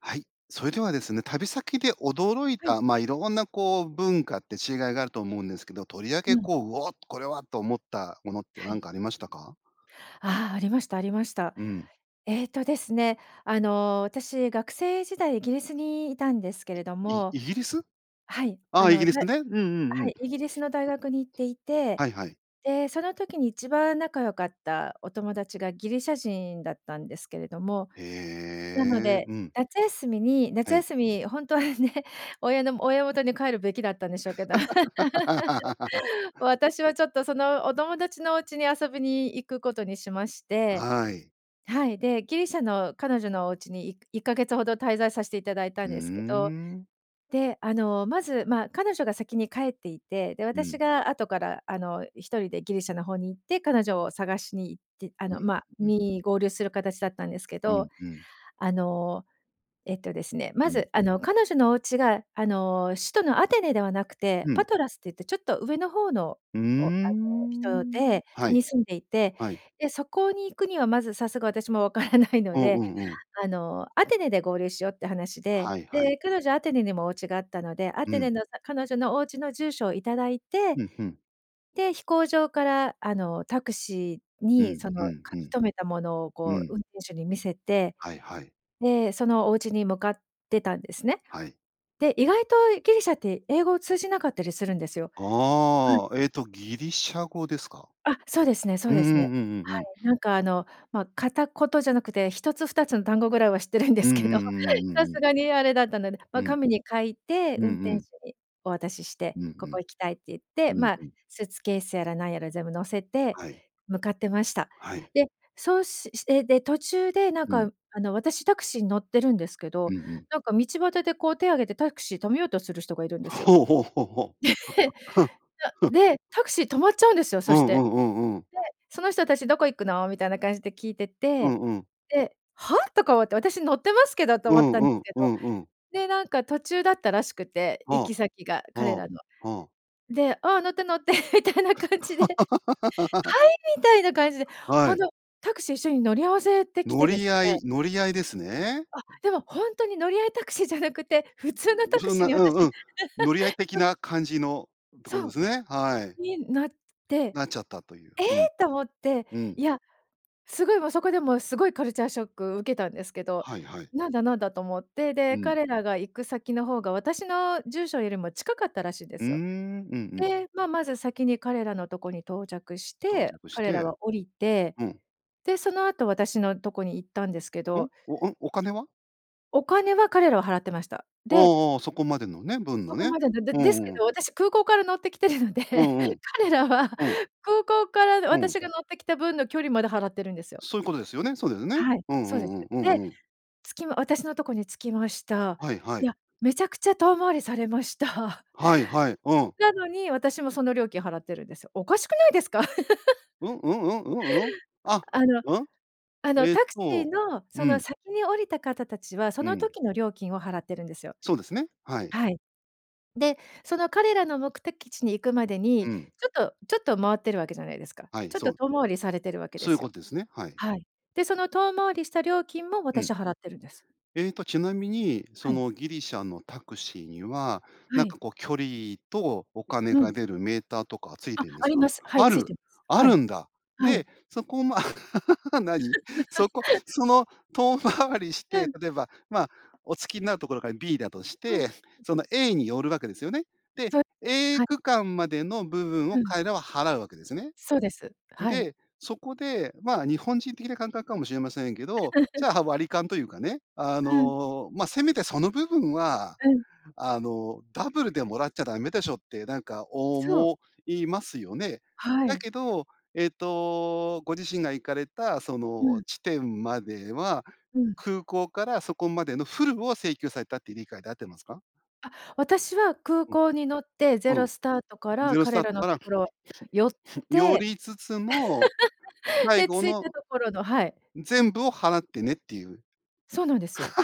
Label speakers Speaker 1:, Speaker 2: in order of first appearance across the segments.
Speaker 1: はい、それではですね、旅先で驚い
Speaker 2: はい。
Speaker 1: た、まあ、いろんなこう、文化って違いがあると思うんですけど、とりわ
Speaker 2: う
Speaker 1: け
Speaker 2: ん。
Speaker 1: こう、「うお！これは」と思ったものって、
Speaker 2: は
Speaker 1: なん
Speaker 2: い。
Speaker 1: かありましたか？
Speaker 2: ああ、ありました、ありました。
Speaker 1: うん。
Speaker 2: えっとですね、あの、私、学生時代イギリスにいたんですけれど
Speaker 1: イイ、
Speaker 2: も、
Speaker 1: イギリス？
Speaker 2: はい、
Speaker 1: あ
Speaker 2: あ
Speaker 1: あ、イ
Speaker 2: の、
Speaker 1: ギリ
Speaker 2: だ
Speaker 1: ス
Speaker 2: い
Speaker 1: ね。うんうんう
Speaker 2: は
Speaker 1: ん。
Speaker 2: い、イギリスの大学に行っていて、
Speaker 1: はいはい。
Speaker 2: で、その時に1番仲良かったお友達がギリシャ人だったんですけれども、
Speaker 1: へ
Speaker 2: なの
Speaker 1: え、
Speaker 2: で、
Speaker 1: うん。
Speaker 2: 夏休みに夏
Speaker 1: はい。
Speaker 2: 休み、ほんとはね、親のも親元に帰るべきだったんでしょうけど 私は、ちょっと、そのお友達のおうちに遊びに行くことにしまして、
Speaker 1: はい。
Speaker 2: はい、で、ギリシャの彼女のおうちに、い1か月ほど滞在さしていただいたん
Speaker 1: うううー
Speaker 2: ですけど、
Speaker 1: ん。
Speaker 2: で、あの、まず、まあ、彼女が先に帰っていて、で、
Speaker 1: う
Speaker 2: 私
Speaker 1: ん。
Speaker 2: が後から、あの、1人でギリシャの方に行って彼女を探しに行って、あ
Speaker 1: うん、
Speaker 2: の、まあ、
Speaker 1: んん。
Speaker 2: に、合流するかたちだったんですけ
Speaker 1: う
Speaker 2: ど、
Speaker 1: んうん。
Speaker 2: あの、えっとですね、
Speaker 1: う
Speaker 2: ま
Speaker 1: ん。
Speaker 2: ず、あの、彼女のお家が、あの、首都のアテネではなくて、
Speaker 1: う
Speaker 2: パ
Speaker 1: ん。
Speaker 2: トラスっていってちょっと上の方の、
Speaker 1: ううー
Speaker 2: おあの、人
Speaker 1: ん。
Speaker 2: で
Speaker 1: はい。
Speaker 2: に、住んでいて、
Speaker 1: はい。
Speaker 2: で、そこに行くには、まず、さすが、私もわからないの
Speaker 1: おお、
Speaker 2: で、
Speaker 1: うんうん。
Speaker 2: あの、アテネで合流しようって話で、
Speaker 1: はいはい。
Speaker 2: で、彼女アテネにもおうちがあったので、ア
Speaker 1: う
Speaker 2: テネ
Speaker 1: ん。
Speaker 2: の、さ彼女のおうちの住所をいただいて、
Speaker 1: うん、ふん。
Speaker 2: で、飛行場から、あの、タクシー
Speaker 1: う
Speaker 2: に、
Speaker 1: ん、
Speaker 2: その
Speaker 1: ふん
Speaker 2: 書
Speaker 1: ふ
Speaker 2: き
Speaker 1: ん。
Speaker 2: 留めたものを
Speaker 1: う
Speaker 2: こう運
Speaker 1: ん。
Speaker 2: 転手に見せて、
Speaker 1: はいはい。
Speaker 2: で、そのおうちに向かってたんですね。
Speaker 1: はい。
Speaker 2: で、意外とギリシャって英語を通じなかったりするんですよ。うん。
Speaker 1: あああ、えっと、ギリシャ語ですか？
Speaker 2: あ、そうですねそう
Speaker 1: うん
Speaker 2: で
Speaker 1: うんうん
Speaker 2: す
Speaker 1: う
Speaker 2: ね。
Speaker 1: んう
Speaker 2: は
Speaker 1: ん。
Speaker 2: い、なんかあの、ま、片言じゃなくて、1つ、2つの単語ぐらいは知ってるんで
Speaker 1: うん
Speaker 2: す
Speaker 1: う
Speaker 2: けど、
Speaker 1: んうんうん
Speaker 2: さ
Speaker 1: う
Speaker 2: す
Speaker 1: ん。
Speaker 2: がにあれだったので、
Speaker 1: う
Speaker 2: ま、
Speaker 1: ん。
Speaker 2: 紙に書いて
Speaker 1: うん
Speaker 2: 運
Speaker 1: う
Speaker 2: 転手
Speaker 1: ん。
Speaker 2: にお渡しして、
Speaker 1: う
Speaker 2: 「ここ
Speaker 1: ん
Speaker 2: 行きたい」って言っ
Speaker 1: う
Speaker 2: て、
Speaker 1: ん。うん、
Speaker 2: まあ、
Speaker 1: ふん。
Speaker 2: スーツケースやらなんやら全部乗せて
Speaker 1: はい。
Speaker 2: 向かってました。
Speaker 1: はい。
Speaker 2: で、そうしして、で途中で、なん
Speaker 1: うん。
Speaker 2: か、あの、私、タクシーに乗ってるんですけ
Speaker 1: う
Speaker 2: ど、
Speaker 1: んうん。
Speaker 2: なんか道端でこう手を挙げてタクシー止めようとする人がいるんですよ。
Speaker 1: ほうほうほうほう。
Speaker 2: で、へ そ
Speaker 1: ふ。
Speaker 2: で、タクシー止まっちゃうんですよ、
Speaker 1: う
Speaker 2: そし
Speaker 1: んう
Speaker 2: て。
Speaker 1: んうんうん。
Speaker 2: で、その人たち、「どこ行くの？」みたいな感じで聞いて
Speaker 1: うん
Speaker 2: て、
Speaker 1: うん。
Speaker 2: で、「は？」とか思って、「私、乗ってますけど」と
Speaker 1: う
Speaker 2: 思っ
Speaker 1: ん
Speaker 2: たん
Speaker 1: う
Speaker 2: です
Speaker 1: ん、
Speaker 2: け
Speaker 1: う
Speaker 2: ど、
Speaker 1: んうん。
Speaker 2: で、なんか途中だったらしくて、行
Speaker 1: は
Speaker 2: き先が、
Speaker 1: あ。ああ。
Speaker 2: 彼
Speaker 1: は
Speaker 2: らの。
Speaker 1: あ。
Speaker 2: で、「あ、乗って、乗って」みたいな感じで。「はい？」みたいな感じで、
Speaker 1: は
Speaker 2: ほん
Speaker 1: い。
Speaker 2: と、タクシー、一緒に乗り合わせてき
Speaker 1: 乗
Speaker 2: てで
Speaker 1: り
Speaker 2: す
Speaker 1: 合
Speaker 2: ね
Speaker 1: い乗り合いですね。
Speaker 2: あ、でも、ほんとに、乗り合いタクシーじゃなくて、普通の
Speaker 1: ん、
Speaker 2: タク
Speaker 1: そん
Speaker 2: シー
Speaker 1: な
Speaker 2: に、
Speaker 1: うんう
Speaker 2: 私
Speaker 1: ん。乗り合い的 な感じのとこ
Speaker 2: そ
Speaker 1: で
Speaker 2: う。
Speaker 1: すね、はい。
Speaker 2: に、なって、
Speaker 1: なっちゃったとゆう、う
Speaker 2: 「え
Speaker 1: ん。
Speaker 2: え？」と思って、
Speaker 1: う
Speaker 2: い
Speaker 1: ん。
Speaker 2: や、すごい、もう、そこで、も、すごいカルチャーショック受けたんですけど、
Speaker 1: はいはい。
Speaker 2: 「なんだなんだ？」と思って、
Speaker 1: う
Speaker 2: で、
Speaker 1: ん。
Speaker 2: 彼らが行く先の方が私の住所よりも近かったらしいんで
Speaker 1: うー
Speaker 2: すよ。
Speaker 1: ん。うんうん。
Speaker 2: で、ま、まず先に彼らのとこに到着し
Speaker 1: 到
Speaker 2: て、
Speaker 1: 着し
Speaker 2: 彼ら
Speaker 1: て、
Speaker 2: は降りて、
Speaker 1: うん。
Speaker 2: で、その後、私のとこに行ったんですけ
Speaker 1: ん？
Speaker 2: ど
Speaker 1: おうん？お金は？
Speaker 2: お金は、彼らは払ってました。
Speaker 1: う
Speaker 2: で
Speaker 1: んうん、そこまでのね、分
Speaker 2: そ
Speaker 1: の
Speaker 2: こ
Speaker 1: ね、
Speaker 2: まででで
Speaker 1: う
Speaker 2: ですけ
Speaker 1: んう
Speaker 2: ど、
Speaker 1: ん。
Speaker 2: 私、空港から乗ってきてるので、
Speaker 1: うんうん、
Speaker 2: 彼らは
Speaker 1: うん。
Speaker 2: 空港から
Speaker 1: うん。
Speaker 2: 私が乗ってきた分の距離まで払ってるんですよ。
Speaker 1: そういうことですよね、そうですね。
Speaker 2: はい、
Speaker 1: うんう
Speaker 2: そうで
Speaker 1: ん
Speaker 2: す。
Speaker 1: うん、う
Speaker 2: で、
Speaker 1: んうん。
Speaker 2: つきま私のとこに着きました。
Speaker 1: はいは
Speaker 2: いや、
Speaker 1: い。
Speaker 2: めちゃくちゃ遠回りされました。
Speaker 1: はいはい、うん。
Speaker 2: なのに、私もその料金払ってるんですよ。おかしくないですか？
Speaker 1: うん、うんうん？うんうん？あ、
Speaker 2: あの、
Speaker 1: うん？
Speaker 2: あの、
Speaker 1: えっ
Speaker 2: タクシー
Speaker 1: と、
Speaker 2: の、そ
Speaker 1: う
Speaker 2: の、
Speaker 1: ん。
Speaker 2: 先に降りた方たちは、そ
Speaker 1: う
Speaker 2: の
Speaker 1: ん。
Speaker 2: 時の料金を払ってるんですよ。
Speaker 1: そうですね、はい。
Speaker 2: はい。で、その彼らの目的地に行くまでに、
Speaker 1: う
Speaker 2: ち
Speaker 1: ん。
Speaker 2: ょっとちょっと回ってるわけじゃないですか、
Speaker 1: はい、
Speaker 2: ちょっ
Speaker 1: そ
Speaker 2: と
Speaker 1: う。
Speaker 2: 遠回りされてるわけで
Speaker 1: そういう
Speaker 2: すよ。
Speaker 1: ことですね、はい。
Speaker 2: はい。で、その遠回りした料金も、
Speaker 1: うん。
Speaker 2: 私、払ってるんです。
Speaker 1: えっと、ちなみに、そ
Speaker 2: はい。
Speaker 1: の、ギリシャのタクシーには、
Speaker 2: は
Speaker 1: なんか
Speaker 2: い。
Speaker 1: こう、距離とお金
Speaker 2: うん。
Speaker 1: が出るメーターとか付い
Speaker 2: あ、
Speaker 1: てんで
Speaker 2: あ
Speaker 1: す
Speaker 2: り
Speaker 1: か？
Speaker 2: ます、はい、
Speaker 1: あ
Speaker 2: 付い
Speaker 1: る、
Speaker 2: てます。
Speaker 1: あ
Speaker 2: は
Speaker 1: る
Speaker 2: い、
Speaker 1: んだ。
Speaker 2: はい。
Speaker 1: で、そこをまあ 何？そ こ、その、遠回りし
Speaker 2: う
Speaker 1: て、
Speaker 2: ん。
Speaker 1: 例えば、まあ、お着きになるところが B だとし
Speaker 2: うん。
Speaker 1: て、
Speaker 2: うん。
Speaker 1: その、A に寄るわけですよね。で、
Speaker 2: そう [unintelligible]
Speaker 1: A
Speaker 2: はい。
Speaker 1: 区間までの部分
Speaker 2: う
Speaker 1: を
Speaker 2: ん。
Speaker 1: 彼らは払うわけですよね。
Speaker 2: そうです、
Speaker 1: ん、
Speaker 2: はい。
Speaker 1: で、そこで、まあ、日本人的な感覚かもしれませんけど、じ ゃあ、割り勘というかね、あ
Speaker 2: うん。
Speaker 1: の、まあ、せめてその部分は、
Speaker 2: うん。
Speaker 1: あの、ダブルでもらっちゃダメでしょって、なんか
Speaker 2: そう。
Speaker 1: 思いますよね。
Speaker 2: は
Speaker 1: だ
Speaker 2: い。
Speaker 1: けど、えっと、ご自身が行かれた、そ
Speaker 2: う
Speaker 1: の、
Speaker 2: ん。
Speaker 1: 地点までは、
Speaker 2: うん。
Speaker 1: 空港からそこまでのフルを請求されたって理解で合ってますか？
Speaker 2: あ、私は空
Speaker 1: う
Speaker 2: 港に乗って、ゼ
Speaker 1: ん、う
Speaker 2: ロ
Speaker 1: ん、
Speaker 2: スタートから
Speaker 1: ゼロスタ
Speaker 2: 彼
Speaker 1: ー
Speaker 2: ら
Speaker 1: ト
Speaker 2: の
Speaker 1: か
Speaker 2: と
Speaker 1: ら
Speaker 2: ころ寄っ
Speaker 1: 寄
Speaker 2: て、
Speaker 1: りつつも、最
Speaker 2: で、
Speaker 1: 後
Speaker 2: 着いた
Speaker 1: の
Speaker 2: ところのはい。
Speaker 1: 全部を払ってねっていう。
Speaker 2: そうなんですよ。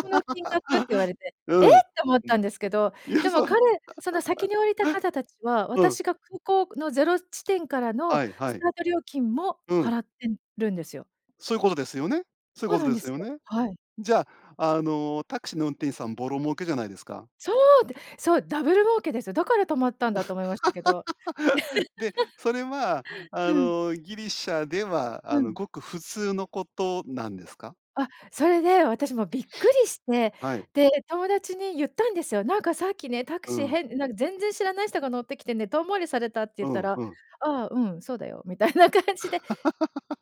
Speaker 2: この金額って言われて、
Speaker 1: う
Speaker 2: 「え！」っ
Speaker 1: ん、う
Speaker 2: て思っ
Speaker 1: ん。
Speaker 2: たんですけど、
Speaker 1: いや、
Speaker 2: でも
Speaker 1: それ。
Speaker 2: 彼、その、先 に降りた方達は、
Speaker 1: うん。
Speaker 2: 私が空港のゼロ地点からの
Speaker 1: はいは
Speaker 2: ス
Speaker 1: い。
Speaker 2: タート料金も
Speaker 1: うん。
Speaker 2: 払ってんるんですよ。
Speaker 1: そういうことですよね、そう
Speaker 2: そ
Speaker 1: いう
Speaker 2: う
Speaker 1: こ
Speaker 2: な
Speaker 1: と
Speaker 2: ん
Speaker 1: で
Speaker 2: で
Speaker 1: す
Speaker 2: す
Speaker 1: よ
Speaker 2: よ、
Speaker 1: ね。
Speaker 2: はい。
Speaker 1: じゃあ、あの、タクシーの運転手さん、ぼろ儲けじゃないですか。
Speaker 2: そう！で、そう、ダブル儲けですよ。だから止まったんだと思いましたけど。
Speaker 1: で、それはあ
Speaker 2: うん。
Speaker 1: の、ギリシャでは、
Speaker 2: う
Speaker 1: あの、
Speaker 2: ん。
Speaker 1: ごく普通のことなんですか？
Speaker 2: あ、それで、私もう、びっくりして、
Speaker 1: はい。
Speaker 2: で、友達に言ったんですよ。「なんかさっきね、タク
Speaker 1: う
Speaker 2: シー、
Speaker 1: ん。
Speaker 2: へんなんか全然知らない人が乗ってきてね、遠回りされた」って
Speaker 1: う
Speaker 2: 言った
Speaker 1: ん
Speaker 2: ら、
Speaker 1: うん。
Speaker 2: 「ああ、うん、そうだよ」みたいな感じで、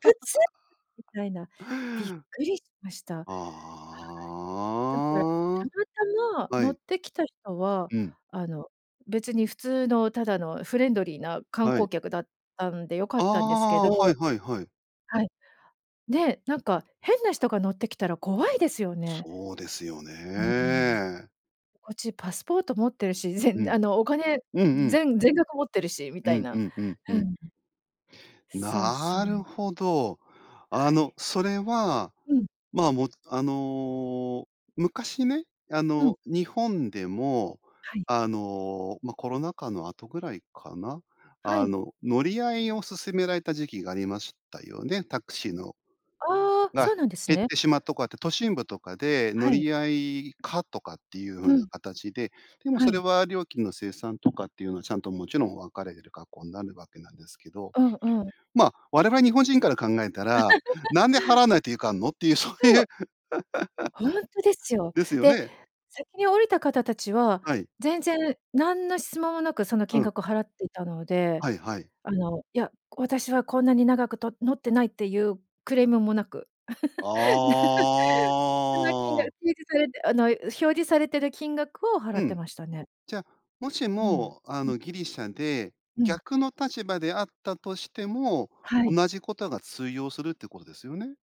Speaker 2: 「普通？！」みたいな、びっくりしました。はい、だから、た
Speaker 1: あ
Speaker 2: またま
Speaker 1: あ、は
Speaker 2: 乗っ
Speaker 1: い。
Speaker 2: てきた人は、
Speaker 1: うん。
Speaker 2: あの、別に普通のただのフレンドリーな観
Speaker 1: は
Speaker 2: 光
Speaker 1: い。
Speaker 2: 客だったんで良かっ
Speaker 1: あ
Speaker 2: たんですけ
Speaker 1: あ、は
Speaker 2: ど。
Speaker 1: いはいはい。
Speaker 2: はい。ね、なんか変な人が乗ってきたら怖いですよね。
Speaker 1: そうですよ
Speaker 2: うん。
Speaker 1: ね。
Speaker 2: こっちパスポート持ってるし、ぜ
Speaker 1: う
Speaker 2: ん
Speaker 1: ん、
Speaker 2: あの、お金、
Speaker 1: うんうん。
Speaker 2: ぜん全額持ってるしみ
Speaker 1: う
Speaker 2: たい
Speaker 1: んう
Speaker 2: な、
Speaker 1: んうんう
Speaker 2: う
Speaker 1: ん。
Speaker 2: ん。そうそ
Speaker 1: なる
Speaker 2: う。
Speaker 1: ほど、あ
Speaker 2: は
Speaker 1: の、
Speaker 2: い。
Speaker 1: それは、
Speaker 2: うん。
Speaker 1: まあ、もあの、昔ね、あ
Speaker 2: うん。
Speaker 1: の、日本でも、
Speaker 2: はい。
Speaker 1: あの、ま、コロナ禍の後ぐらいかな、
Speaker 2: は
Speaker 1: あ
Speaker 2: い。
Speaker 1: の、乗り合いを勧められた時期がありましたよね。タクシーの
Speaker 2: ああ、
Speaker 1: が、
Speaker 2: そうなんです
Speaker 1: 減っ
Speaker 2: ね。
Speaker 1: てしまっとこはって、都心部とかで乗
Speaker 2: はい。
Speaker 1: り合い可とかっていう
Speaker 2: う
Speaker 1: 風な
Speaker 2: ん。
Speaker 1: 形で、でも
Speaker 2: は
Speaker 1: それ
Speaker 2: い。
Speaker 1: は、料金の精算とかっていうのは、ちゃんと、もちろん分かれる格好になるわけなんですけど、
Speaker 2: うんうん。
Speaker 1: まあ、我々日本人から考えたら、「なんで払わないといかんの？」っていう、そう
Speaker 2: そ
Speaker 1: いう
Speaker 2: う。ほんとですよ。
Speaker 1: ですよ
Speaker 2: で、
Speaker 1: ね。
Speaker 2: 先に降りた方たちは、
Speaker 1: はい。
Speaker 2: 全然なんの質問もなく、その
Speaker 1: う
Speaker 2: 金
Speaker 1: ん。
Speaker 2: 額を払っていたので、
Speaker 1: はいはい。
Speaker 2: あの、いや、私はこんなに長くと乗ってないっていうクレームもなく。
Speaker 1: あ
Speaker 2: その金額、
Speaker 1: あ。
Speaker 2: 提示されてあの、表示されてる金額を払
Speaker 1: う
Speaker 2: って
Speaker 1: ん。
Speaker 2: ましたね。
Speaker 1: じゃ、もし
Speaker 2: うん、
Speaker 1: も、あ
Speaker 2: うん。
Speaker 1: の、ギリシャで
Speaker 2: うん。
Speaker 1: 逆の立場であったとしても、
Speaker 2: はい。
Speaker 1: 同じことが通用するってことですよね。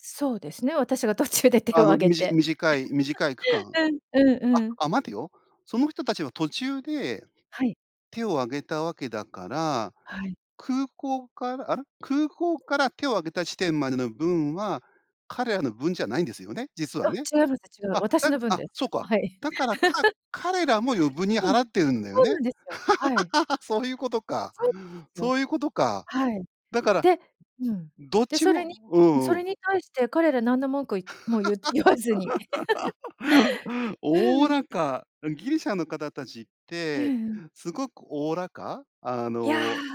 Speaker 2: そうですね、私が途中で手を
Speaker 1: あ
Speaker 2: 挙
Speaker 1: の、
Speaker 2: げ
Speaker 1: みじ
Speaker 2: て。
Speaker 1: 短い短い区間、
Speaker 2: うん、うん
Speaker 1: あ
Speaker 2: うん。
Speaker 1: あ、待てよ。その人たちは途中で
Speaker 2: はい。
Speaker 1: 手を挙げたわけだから、
Speaker 2: はい。
Speaker 1: 空港からあら、空港から手を挙げた地点までの分は、彼らの分じゃないんですよね？実は
Speaker 2: あ、
Speaker 1: ね。
Speaker 2: 違います。違う。
Speaker 1: あ、
Speaker 2: 私
Speaker 1: だ
Speaker 2: の分
Speaker 1: あ、
Speaker 2: です。
Speaker 1: そう
Speaker 2: あ、
Speaker 1: か、
Speaker 2: はい。
Speaker 1: だから、か 彼らも余分に
Speaker 2: うん。
Speaker 1: 払ってるんだよ
Speaker 2: そうな
Speaker 1: ね？
Speaker 2: んですよ。はい。
Speaker 1: そういうことか
Speaker 2: そうよ。
Speaker 1: そういうことか、
Speaker 2: はい。
Speaker 1: だから、
Speaker 2: でうん。
Speaker 1: どっ
Speaker 2: で、
Speaker 1: ち
Speaker 2: それ
Speaker 1: も
Speaker 2: に、
Speaker 1: う
Speaker 2: うそ
Speaker 1: んうん。
Speaker 2: れに対して彼ら何の文句いても言って言わずに。う
Speaker 1: おお
Speaker 2: ーん。
Speaker 1: らか、うん、ギリシャの方たちっ
Speaker 2: ええ
Speaker 1: て、
Speaker 2: ええ。
Speaker 1: すごくおおらか、あ
Speaker 2: いや、
Speaker 1: の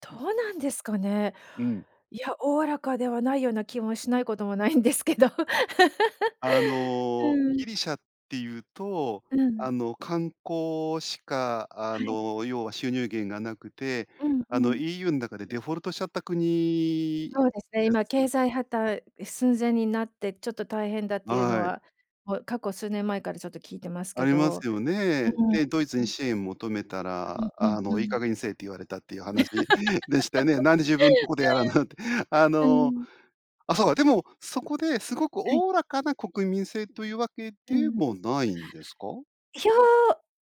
Speaker 2: ど
Speaker 1: うん。
Speaker 2: うなんですかね。
Speaker 1: うん。
Speaker 2: いや、おおらかではないような気もしないこともないんですけど。
Speaker 1: あの、
Speaker 2: うん。
Speaker 1: ギリシャっていうと、
Speaker 2: うん。
Speaker 1: あの、観光しか、あ
Speaker 2: はい。
Speaker 1: の、要は収入源がなくて、
Speaker 2: うん、う
Speaker 1: あの、
Speaker 2: ん。
Speaker 1: EU ん中でデフォルトしちゃった国
Speaker 2: そうですね、
Speaker 1: で
Speaker 2: 今
Speaker 1: す
Speaker 2: けい
Speaker 1: よ。
Speaker 2: ざいはたう寸前になって、ちょっと大変だっていうの
Speaker 1: あい。
Speaker 2: は、もう過去数年前から、ちょっと聞いてます
Speaker 1: あ
Speaker 2: け
Speaker 1: りま
Speaker 2: ど。
Speaker 1: すよ
Speaker 2: う
Speaker 1: ね。
Speaker 2: ーん。
Speaker 1: で、ドイツに
Speaker 2: うん。
Speaker 1: 支援求めた
Speaker 2: あ、うん、
Speaker 1: ら、
Speaker 2: うん、
Speaker 1: あの
Speaker 2: う
Speaker 1: 「いい加
Speaker 2: ん。
Speaker 1: 減にせえ」って言われたっていう話 でしたよね「なんで自分のとこでやらんな」って。あ
Speaker 2: うん。う
Speaker 1: の、
Speaker 2: ん。
Speaker 1: あ、そうか、でも、そこで、すごく
Speaker 2: はい。
Speaker 1: おおらかな国民性というわけ
Speaker 2: う
Speaker 1: で
Speaker 2: ん。
Speaker 1: もないんですか？
Speaker 2: いや、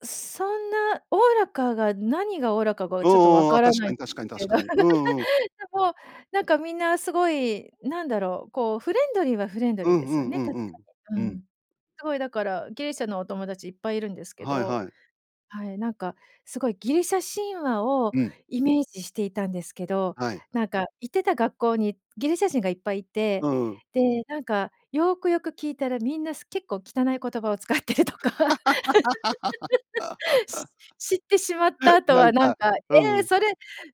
Speaker 2: そんなおおらかが、何がおおらかが、
Speaker 1: う
Speaker 2: ちょっとわ
Speaker 1: んうん、あ、
Speaker 2: から
Speaker 1: 確
Speaker 2: な
Speaker 1: か
Speaker 2: いん
Speaker 1: に
Speaker 2: で
Speaker 1: 確か
Speaker 2: す
Speaker 1: に
Speaker 2: け
Speaker 1: 確
Speaker 2: ど。
Speaker 1: かに。うんうんうん。
Speaker 2: でもなんか、みんなすごいなんだろう、こう、フレンドリーは、フレンド
Speaker 1: う
Speaker 2: リーで
Speaker 1: んう
Speaker 2: すよ
Speaker 1: んう
Speaker 2: ね、
Speaker 1: ん
Speaker 2: 確
Speaker 1: う
Speaker 2: か
Speaker 1: ん。う
Speaker 2: に。うん。
Speaker 1: ん。
Speaker 2: すごいだから、ギリシャのお友達いっぱいいるんですけ
Speaker 1: はい
Speaker 2: ど、
Speaker 1: はい。
Speaker 2: はい、なんか、すごいギリシャ神話を
Speaker 1: うん。
Speaker 2: イメージしていたんですけど、
Speaker 1: はい。
Speaker 2: なんか行ってた学校にギリシャ人がいっぱいいて、
Speaker 1: うんうん。
Speaker 2: で、なんかよくよく聞いたら、みんなす結構汚い言葉を使ってるとか。し知ってしまった 後
Speaker 1: な
Speaker 2: は
Speaker 1: ん
Speaker 2: 何
Speaker 1: か
Speaker 2: か
Speaker 1: うん
Speaker 2: 「え、
Speaker 1: うん。
Speaker 2: それ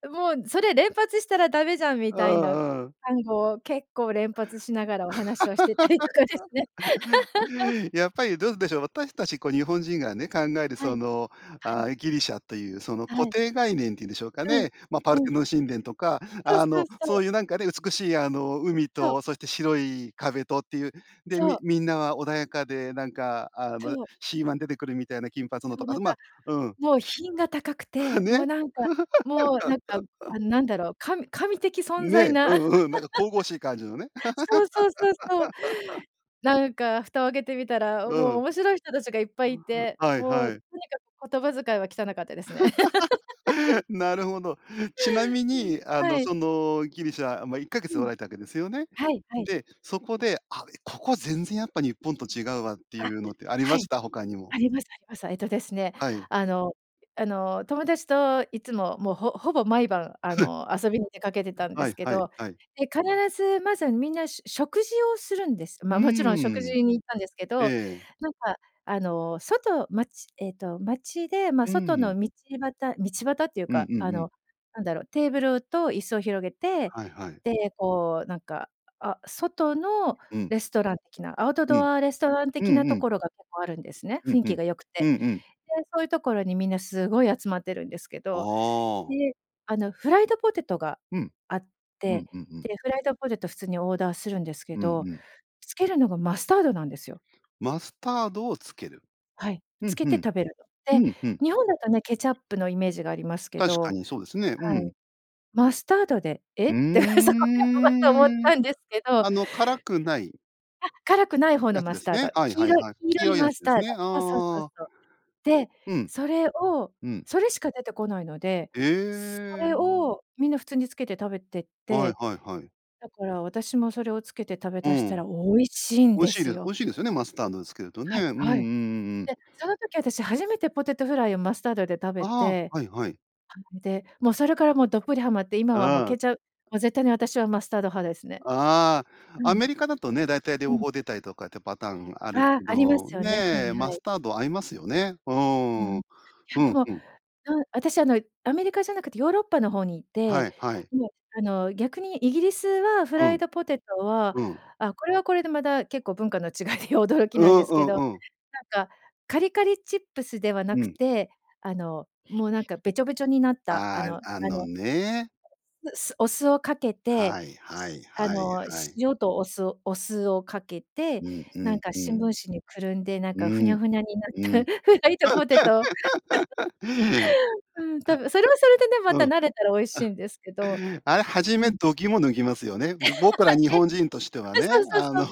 Speaker 2: もうそれ連発したらダメじゃん」み
Speaker 1: う
Speaker 2: たいな
Speaker 1: んうん。
Speaker 2: 単語を結構連発しながらお話をしてたりとかですね。
Speaker 1: やっぱりどうでしょう、私たちこう、日本人がね、考える、
Speaker 2: は
Speaker 1: そ
Speaker 2: い、
Speaker 1: の、
Speaker 2: はい。
Speaker 1: あ、ギリシャという、その、
Speaker 2: は
Speaker 1: 固
Speaker 2: い。
Speaker 1: 定概念っていうんでしょうか
Speaker 2: うん、
Speaker 1: ね。ま、パル
Speaker 2: う
Speaker 1: テ
Speaker 2: ん。
Speaker 1: ノン神殿とか、
Speaker 2: そう、
Speaker 1: あ
Speaker 2: そう、
Speaker 1: の、
Speaker 2: そ
Speaker 1: そ
Speaker 2: う。
Speaker 1: ういうなんかね、美しい、あの、海
Speaker 2: そう。
Speaker 1: と、そして白い壁とっていう、で、
Speaker 2: そ
Speaker 1: み
Speaker 2: う。
Speaker 1: みんなは穏やかで、なんか、あむ、
Speaker 2: そう。
Speaker 1: シーワン出てくるみたいな金髪の
Speaker 2: そ
Speaker 1: と
Speaker 2: う
Speaker 1: か、あ
Speaker 2: なん
Speaker 1: ず
Speaker 2: か、
Speaker 1: まうん。
Speaker 2: もう品が高く て、もう
Speaker 1: ね。
Speaker 2: なんかもうなんか、あの、何だろう、神神的存在
Speaker 1: ね、う
Speaker 2: な。
Speaker 1: んうん、なんか神々しい感じのね。
Speaker 2: そう、そう、そう、そう。なんか蓋を開けてみた
Speaker 1: う
Speaker 2: ら、も
Speaker 1: ー
Speaker 2: う
Speaker 1: ん。
Speaker 2: 面白い人たちがいっぱい
Speaker 1: う、
Speaker 2: い
Speaker 1: ふ、
Speaker 2: て、
Speaker 1: はい
Speaker 2: もう
Speaker 1: は
Speaker 2: と
Speaker 1: い。
Speaker 2: にかく言葉遣いは汚かったですね。
Speaker 1: なるほど。ちなみ
Speaker 2: うん、
Speaker 1: に、あの、
Speaker 2: はい。
Speaker 1: その、ギリシャま、いっかげ
Speaker 2: う
Speaker 1: つお
Speaker 2: ん。
Speaker 1: られたわけですよね？
Speaker 2: はい、はい。
Speaker 1: で、そこで、あ、ここ全然やっぱ日本と違うわってい
Speaker 2: あ、
Speaker 1: うのってあり
Speaker 2: は
Speaker 1: ま
Speaker 2: い。
Speaker 1: した？他に
Speaker 2: あ
Speaker 1: も。
Speaker 2: りますあります。えっとですね、
Speaker 1: はい。
Speaker 2: あのあの、友達といつも、もう、ほほぼ毎晩、あ の、遊びに出かけてたんで
Speaker 1: は
Speaker 2: す
Speaker 1: い
Speaker 2: け
Speaker 1: はい、
Speaker 2: ど、
Speaker 1: はい。
Speaker 2: で、必ずまず、みんなしゅ食事をするんです。
Speaker 1: う
Speaker 2: ま、もちろん食
Speaker 1: ー
Speaker 2: 事
Speaker 1: ん。
Speaker 2: に行ったんですけ
Speaker 1: え
Speaker 2: ど、
Speaker 1: え。
Speaker 2: なんかあの、外街えっと、街で、ま、
Speaker 1: うー
Speaker 2: 外
Speaker 1: ん。
Speaker 2: の道端道端っていう
Speaker 1: うん
Speaker 2: か、
Speaker 1: う
Speaker 2: あ
Speaker 1: んうん。
Speaker 2: の、なんだろう、テーブルと椅子を広げて、
Speaker 1: はいはい。
Speaker 2: で、こう、なんか、あ、外の
Speaker 1: うん。
Speaker 2: レストラン的なアウト
Speaker 1: うん。
Speaker 2: ドアレストラン
Speaker 1: う
Speaker 2: 的
Speaker 1: ん
Speaker 2: な
Speaker 1: う
Speaker 2: と
Speaker 1: ん。
Speaker 2: ころが結構あるんですね。
Speaker 1: うん、
Speaker 2: 雰囲
Speaker 1: ふ
Speaker 2: 気
Speaker 1: ん、
Speaker 2: が良く
Speaker 1: う
Speaker 2: て。
Speaker 1: んうん。
Speaker 2: で、そういうところに、みんなすごい集まってるんですけど、で、
Speaker 1: ああ
Speaker 2: あの、フライドポテトが
Speaker 1: うん。
Speaker 2: あっ
Speaker 1: う
Speaker 2: て、
Speaker 1: んうんうん。
Speaker 2: で、フライドポテト普通にオーダーするんですけ
Speaker 1: うん
Speaker 2: ど、
Speaker 1: うん。
Speaker 2: つけるのがマスタードなんですよ。
Speaker 1: マスタードをつける。
Speaker 2: はい、
Speaker 1: ふ
Speaker 2: つ
Speaker 1: ん
Speaker 2: け
Speaker 1: ふ
Speaker 2: て
Speaker 1: ん。
Speaker 2: 食べるの。
Speaker 1: う
Speaker 2: で、
Speaker 1: ん、ふん。
Speaker 2: 日本だとね、ケチャップのイメージがありますけ
Speaker 1: 確か
Speaker 2: ど、
Speaker 1: にそうですね。う
Speaker 2: はい。
Speaker 1: ん。
Speaker 2: マスタードで、え？
Speaker 1: うー
Speaker 2: って、そこでをおごっと思っ
Speaker 1: ん。うん、
Speaker 2: たんですけど。
Speaker 1: あの、辛くない
Speaker 2: あ、辛くない方
Speaker 1: や
Speaker 2: の
Speaker 1: つ
Speaker 2: マ
Speaker 1: で
Speaker 2: ス
Speaker 1: す
Speaker 2: ター
Speaker 1: ね。
Speaker 2: ド、
Speaker 1: はい
Speaker 2: 黄
Speaker 1: はい
Speaker 2: 色い
Speaker 1: はい。
Speaker 2: 黄
Speaker 1: 黄
Speaker 2: 色い
Speaker 1: 色いや
Speaker 2: マ
Speaker 1: つ
Speaker 2: ス
Speaker 1: で
Speaker 2: ター
Speaker 1: す
Speaker 2: ド。
Speaker 1: ね。あ
Speaker 2: あ、そう、そう、
Speaker 1: あ。
Speaker 2: そう。で、
Speaker 1: うん。
Speaker 2: それを、
Speaker 1: うん。
Speaker 2: それしか出てこないので、そ
Speaker 1: え
Speaker 2: れ
Speaker 1: え。
Speaker 2: をみんな普通につけて食べてっ
Speaker 1: はい
Speaker 2: て、
Speaker 1: はいはい。
Speaker 2: だから私もそれをつけて食べ
Speaker 1: う
Speaker 2: だした
Speaker 1: ん。
Speaker 2: ら美味しいん
Speaker 1: 美味
Speaker 2: で
Speaker 1: しい
Speaker 2: す
Speaker 1: です美
Speaker 2: よ。
Speaker 1: 味しいですよね、マスタードをつけるとね。
Speaker 2: は
Speaker 1: う
Speaker 2: い、
Speaker 1: んうんうん
Speaker 2: はい。
Speaker 1: うん。
Speaker 2: で、その時私、初めてポテトフライをマスタードで食べ
Speaker 1: ああ、
Speaker 2: て、
Speaker 1: はいはい。
Speaker 2: あの、で、もうそれから、もうどっぷりはまって今
Speaker 1: う
Speaker 2: はもう
Speaker 1: ーん。
Speaker 2: ケチャもう絶対に私はマスタード派ですね。
Speaker 1: ああ、
Speaker 2: う
Speaker 1: ア
Speaker 2: ん。
Speaker 1: メリカだとね、大体
Speaker 2: う
Speaker 1: 両
Speaker 2: ん。
Speaker 1: 方出たりとかってパターンある
Speaker 2: あ、
Speaker 1: け
Speaker 2: ありま
Speaker 1: ど、
Speaker 2: すよね、はい
Speaker 1: ね、
Speaker 2: は
Speaker 1: マス
Speaker 2: い。
Speaker 1: タード合いますよね。う
Speaker 2: うん、
Speaker 1: ー
Speaker 2: い
Speaker 1: ん。
Speaker 2: や
Speaker 1: う
Speaker 2: で
Speaker 1: ん、
Speaker 2: も、
Speaker 1: ふん。
Speaker 2: うん、私あの、アメリカじゃなくて、ヨーロッパの方にい
Speaker 1: は
Speaker 2: て、
Speaker 1: い、はい。
Speaker 2: もうあの、逆にイギリスはフ
Speaker 1: う
Speaker 2: ライ
Speaker 1: ん。
Speaker 2: ドポテトは、
Speaker 1: うん。
Speaker 2: あ、これはこれで、まだ結構文化の違いで驚き
Speaker 1: う
Speaker 2: なん
Speaker 1: ん
Speaker 2: です
Speaker 1: う
Speaker 2: けど、
Speaker 1: ん
Speaker 2: な
Speaker 1: うん。
Speaker 2: んかカリカリチップスではな
Speaker 1: う
Speaker 2: く
Speaker 1: ん。
Speaker 2: て、あのもうなんか、べちょべちょになった、あ
Speaker 1: あ
Speaker 2: の
Speaker 1: あ、あ
Speaker 2: あ
Speaker 1: の
Speaker 2: の、
Speaker 1: ね。
Speaker 2: なすお酢をかけて、
Speaker 1: はいはい
Speaker 2: あ
Speaker 1: はい
Speaker 2: の、
Speaker 1: はい。
Speaker 2: 塩とお酢お酢をかけて、
Speaker 1: うんう
Speaker 2: なん
Speaker 1: ん、
Speaker 2: か
Speaker 1: う
Speaker 2: 新聞
Speaker 1: ん。
Speaker 2: 紙に包んで、なん
Speaker 1: う
Speaker 2: かフ
Speaker 1: ー
Speaker 2: ニャ
Speaker 1: ん、
Speaker 2: フニャになっ
Speaker 1: う
Speaker 2: た
Speaker 1: ん。
Speaker 2: フライドポテト。うーん、多分、それはそれでね、ま
Speaker 1: う
Speaker 2: た
Speaker 1: ん。あ。
Speaker 2: 慣れたら美味しいんですけど。
Speaker 1: あれ、初
Speaker 2: う
Speaker 1: め
Speaker 2: ん。
Speaker 1: 度肝を抜ぎますよね。ぼ僕ら 日
Speaker 2: え！あ、
Speaker 1: 本人としては
Speaker 2: そう、
Speaker 1: ね、
Speaker 2: そう、
Speaker 1: あ
Speaker 2: そう。
Speaker 1: の、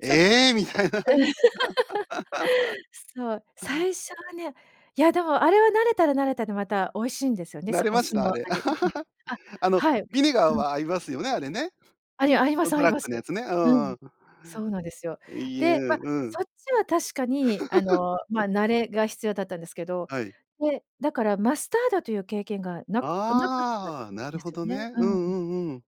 Speaker 2: そっか。
Speaker 1: ええ、みたいな。
Speaker 2: そう、
Speaker 1: あん。
Speaker 2: 最初はね、いやでも、あれは慣れたら慣れたでまた美味しいんですよね、
Speaker 1: 慣
Speaker 2: そ、
Speaker 1: れ
Speaker 2: お
Speaker 1: まし
Speaker 2: 酢
Speaker 1: た？あ
Speaker 2: の
Speaker 1: れ。
Speaker 2: 味、ううん、あ、
Speaker 1: あの、
Speaker 2: はい。ん、く
Speaker 1: ビネガー
Speaker 2: うん。
Speaker 1: は合いますよね、あれね。
Speaker 2: ありあいま
Speaker 1: ゴ
Speaker 2: す
Speaker 1: ンド
Speaker 2: あい
Speaker 1: ラッ
Speaker 2: ます。
Speaker 1: クのやつね。う
Speaker 2: う
Speaker 1: んう
Speaker 2: ん、
Speaker 1: ん。
Speaker 2: そうなんですよ。
Speaker 1: いゆ
Speaker 2: で、ま、
Speaker 1: う、ううん。
Speaker 2: そっちは確かに、あ の、ま、慣れが必要だったんですけど、
Speaker 1: はい。
Speaker 2: で、だからマスタードという経験がなくなかったん
Speaker 1: ああ、なる
Speaker 2: で
Speaker 1: ほ
Speaker 2: すよ
Speaker 1: ど
Speaker 2: ね。
Speaker 1: ね。
Speaker 2: う
Speaker 1: う
Speaker 2: んうん。
Speaker 1: んうんうん。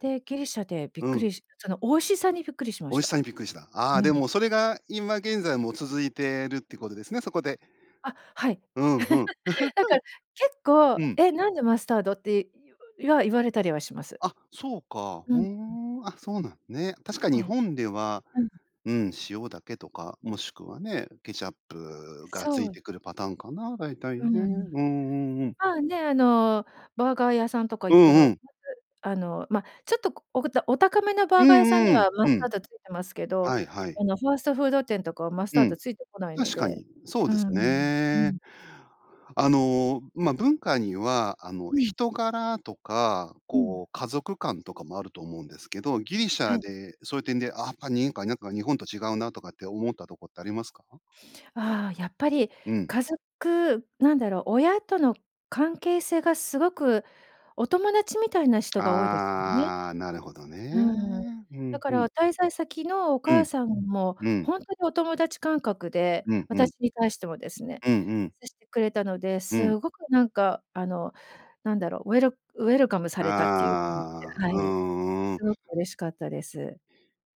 Speaker 2: で、ギリシャでびっ
Speaker 1: う
Speaker 2: く
Speaker 1: ん。
Speaker 2: りしその美味しさにびっくりしま
Speaker 1: 美
Speaker 2: し
Speaker 1: 味し
Speaker 2: た。
Speaker 1: さにびっくりした。
Speaker 2: う
Speaker 1: あ、で
Speaker 2: ん。
Speaker 1: も、それが、今現在も続いてるってことですね？そこで。
Speaker 2: あ、はい。
Speaker 1: うん、ふ ん。
Speaker 2: なんか、結構、
Speaker 1: うん。
Speaker 2: え？なんでマスタードって、言わ言われたりはします。
Speaker 1: あ、そうか。
Speaker 2: うん、
Speaker 1: ふー
Speaker 2: うん。
Speaker 1: ん。あ、そうなんね。確か日
Speaker 2: はい。
Speaker 1: 本では、
Speaker 2: うん、う
Speaker 1: うん、塩だけとか、もしくはね、ケチャップがつ
Speaker 2: そ
Speaker 1: い
Speaker 2: う。
Speaker 1: てくるパターンかな、だいたい
Speaker 2: うー
Speaker 1: ね。うん
Speaker 2: ん。
Speaker 1: うんうん。
Speaker 2: まあね、あの、バーガー屋さんとか
Speaker 1: う
Speaker 2: 行って
Speaker 1: ん
Speaker 2: も、
Speaker 1: うん。
Speaker 2: まず、あの、ま、ちょっとこ、おことお高めの
Speaker 1: う
Speaker 2: バーガー屋さん
Speaker 1: ん
Speaker 2: に
Speaker 1: うん、
Speaker 2: はマ
Speaker 1: う
Speaker 2: スター
Speaker 1: ん。
Speaker 2: ド付いてますけど、
Speaker 1: はいはい。
Speaker 2: あの、ファーストフード店とかはマス
Speaker 1: う
Speaker 2: タード
Speaker 1: ん。
Speaker 2: 付いてこないの
Speaker 1: 確か
Speaker 2: で、
Speaker 1: に。そう
Speaker 2: うー
Speaker 1: です
Speaker 2: ん、うー
Speaker 1: ね。
Speaker 2: ん。
Speaker 1: あの、ま、文化には、あの、
Speaker 2: うん。
Speaker 1: 人柄とか、
Speaker 2: うん。
Speaker 1: こう、家族観とかもあると思うんですけど、ギリシ
Speaker 2: は
Speaker 1: ャ
Speaker 2: い。
Speaker 1: で、そういう点で、あっぱにんかなんか日本と違うなとかって思ったとこってありますか？
Speaker 2: あ、やっぱり
Speaker 1: うん。
Speaker 2: 家族なんだろう。親との関係性がすごくお友達みたいな人が多いですよね。
Speaker 1: ああ、なるほど
Speaker 2: う
Speaker 1: ね。
Speaker 2: んうん。
Speaker 1: う
Speaker 2: だ
Speaker 1: ん、
Speaker 2: か
Speaker 1: ふん。
Speaker 2: ら滞在先のお
Speaker 1: う
Speaker 2: 母
Speaker 1: ん、
Speaker 2: さんも、
Speaker 1: うん。
Speaker 2: ほんとにお友達感覚で、
Speaker 1: うん、うん。
Speaker 2: 私に対してもですね、
Speaker 1: うんうん。
Speaker 2: 接してくれたので、
Speaker 1: うん。
Speaker 2: すごくなんか、あの、なんだろう、ウェルウェルカムされたっていう感じで
Speaker 1: ああ、
Speaker 2: は
Speaker 1: うー
Speaker 2: い、
Speaker 1: ん、うん。
Speaker 2: すごく嬉しかったです。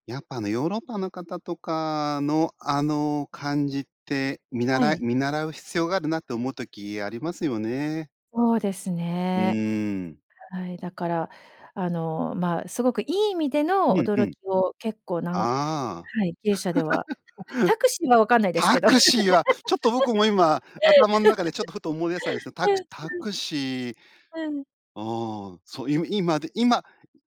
Speaker 1: やっぱ、あの、ヨーロッパの方とかのあの感じって、見
Speaker 2: は
Speaker 1: 習い
Speaker 2: い。
Speaker 1: 見習う必要があるなって思う時ありますよね。
Speaker 2: そうです
Speaker 1: う
Speaker 2: ね。
Speaker 1: ーん。
Speaker 2: はい、だからあの、まあ、すごくいい意味で
Speaker 1: う
Speaker 2: の
Speaker 1: ん、う
Speaker 2: 驚
Speaker 1: ん。
Speaker 2: きを結構なん
Speaker 1: ああ。
Speaker 2: はい、経営者では、タクシーは分かんないです
Speaker 1: タ
Speaker 2: けど。
Speaker 1: ク シーはちょっと僕も今、頭の中でちょっとふと思い出したんですけど、タクタクシー。
Speaker 2: うん。
Speaker 1: ああ、そう、い今で今、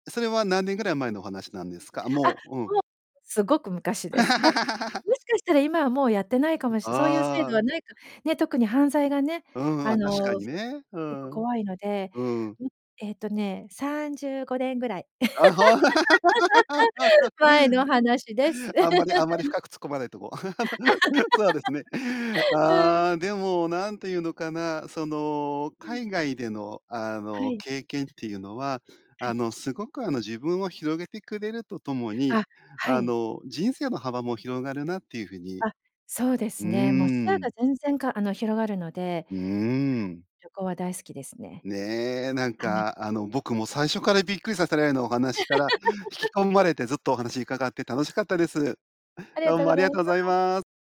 Speaker 1: それは何年ぐらい前のお話なんですか？
Speaker 2: あ、
Speaker 1: もう、うん。
Speaker 2: もう、すごく昔です。だ、もしかしたら、今はもうやってないかもしそういう制
Speaker 1: あ
Speaker 2: 度
Speaker 1: あ。
Speaker 2: はないかね、特に犯罪がね、
Speaker 1: うんうん、
Speaker 2: あ
Speaker 1: あ、確か
Speaker 2: の
Speaker 1: に
Speaker 2: す
Speaker 1: ね。
Speaker 2: やっぱ怖
Speaker 1: う
Speaker 2: いので、
Speaker 1: ん。
Speaker 2: うん、えっとね、35年ぐらい
Speaker 1: ああ
Speaker 2: 前の話です。
Speaker 1: あんまりあんまり、深く突っ込まないとこう、そうですね。
Speaker 2: うん。
Speaker 1: ああ、でも何て言うのかな、その、
Speaker 2: うん。
Speaker 1: 海外でのあ
Speaker 2: は
Speaker 1: の
Speaker 2: い。
Speaker 1: 経験っていうのは、
Speaker 2: は
Speaker 1: あ
Speaker 2: い。
Speaker 1: の、すごくあの自分を広げてくれるとともに、
Speaker 2: あ、は
Speaker 1: あ
Speaker 2: い。
Speaker 1: の、人生の幅も広がるなっていう風に。
Speaker 2: あ、そうで
Speaker 1: う
Speaker 2: すね。もう視野
Speaker 1: ー
Speaker 2: が
Speaker 1: ん。
Speaker 2: 全然かあの、広がるので、
Speaker 1: うー ん。
Speaker 2: 旅行は大好きですね。
Speaker 1: ね、なん
Speaker 2: はい。
Speaker 1: か、あの、僕も最初からびっくりさせられるようなお話から引き込まれて、ずっとお話伺って楽しかったです。
Speaker 2: ありが
Speaker 1: どう
Speaker 2: とう
Speaker 1: も
Speaker 2: ご
Speaker 1: あり
Speaker 2: ざい
Speaker 1: が
Speaker 2: ま
Speaker 1: とうござい
Speaker 2: す。
Speaker 1: ます。